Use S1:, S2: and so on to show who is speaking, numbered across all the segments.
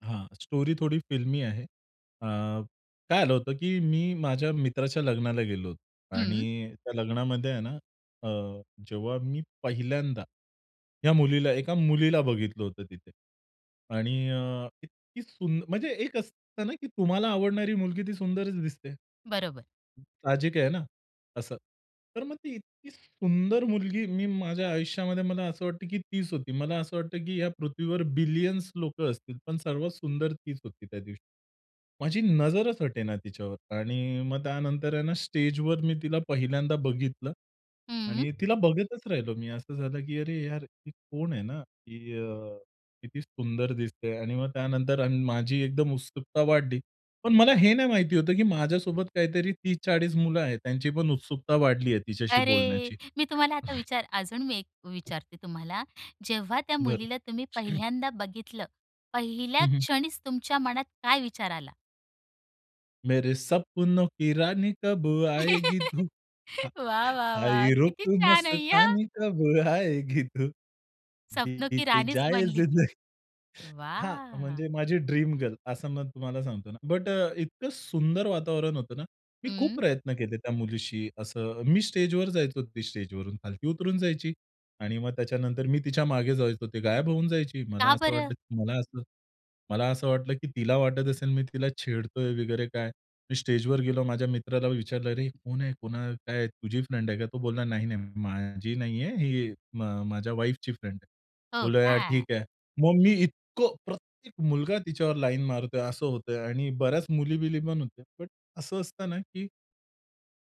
S1: हां, स्टोरी थोडी फिल्मी आहे. अ, काय झालं होतं, की मी माझ्या मित्राच्या लग्नाला गेलो होतो
S2: हं.
S1: आणि त्या लग्नामध्ये आहे ना अ, जेव्हा मी पहिल्यांदा या मुलीला 1 मुलीला बघितलं होतं तिथे आणि अ, इतकी सुन्द म्हणजे एक असत ना की तुम्हाला आवडणारी मुलगी ती सुंदरच दिसते.
S2: बरोबर.
S1: साहजिक आहे ना असं. तर मग ती इतकी सुंदर मुलगी मी माझ्या आयुष्यामध्ये मला असं वाटतं की तीच होती. मला असं वाटतं की या पृथ्वीवर बिलियन्स लोकं असतील पण सर्वात सुंदर तीच होती त्या दिवशी. माझी नजरच हटे ना तिच्यावर आणि मग त्यानंतर आहे ना, स्टेजवर मी तिला पहिल्यांदा बघितलं
S2: हं.
S1: आणि तिला बघतच राहिलो मी असं झालं की अरे यार ही कोण आहे ना? की अ, किती सुंदर दिसतेय आणि मग त्यानंतर अन् माझी एकदम उत्सुकता वाढली. पण मला हे नाही माहिती होतं की माझ्यासोबत काहीतरी 30-40 मुलं आहेत त्यांची पण उत्सुकता वाढली आहे तिच्याशी
S2: अरे!
S1: बोलण्याची.
S2: मी तुम्हाला आता विचार अजून मी एक विचारते तुम्हाला जेव्हा त्या
S1: बरं.
S2: मुलीला तुम्ही
S1: [unintelligible]
S2: पहिल्यांदा बघितलं, पहिल्या
S1: हं, हं.
S2: क्षणीच तुमच्या मनात काय विचार आला?
S1: मेरे सपनो की रानी कब आएगी तू
S2: वाह, वाह, वाह!
S1: आई रुत
S2: किती छान आहे अय्या.
S1: मस्तानी कब आएगी तू
S2: सपनो की
S1: बित
S2: राणीच
S1: जाये
S2: बनली ती.
S1: जिंदगानी. हां,
S2: वाह!
S1: म्हणजे माझी ड्रीम गर्ल असं मग तुम्हाला सांगतो ना, बट अ, इतकं सुंदर वातावरण होतं ना, मी खूप
S2: हं.
S1: प्रयत्न केले त्या मुलीशी असं मी स्टेजवर जायचो ती स्टेजवरून खालती उतरून जायची आणि मग त्याच्यानंतर मी तिच्या मागे जायचो ती गायब होऊन जायची. मला
S2: का
S1: असं
S2: बरं?
S1: वाटलं मला असं मला असं वाटलं की तिला वाटत असेल मी तिला छेडतोय वगैरे काय मी स्टेजवर गेलो माझ्या मित्राला विचारलं "अरे कोण आहे, कोण काय, तुझी फ्रेंड आहे का?" तो बोलला "नाही, नाही माझी नाहीये ही म माझ्या वाईफची फ्रेंड आहे."
S2: हो
S1: बोलूया
S2: का?
S1: ठीक आहे. मग मी इतकं प्रत्येक मुलगा तिच्यावर लाईन मारतोय असं होतय आणि बऱ्याच मुली-बिली पण होत्या. बट असं असत ना की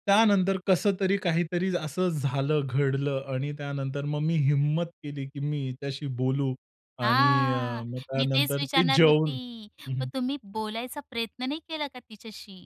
S1: त्यानंतर कसं तरी, काहीतरी असं झालं घडलं आणि त्यानंतर मग मी हिम्मत केली की मी हिच्याशी बोलू आणि अ,
S2: हां,
S1: मग
S2: मी तेच
S1: त्यानंतर ते
S2: विचारणार होती,
S1: जेवून हं,
S2: मग
S1: हं.
S2: तुम्ही बोलायचा प्रयत्न नाही केला का तिच्याशी?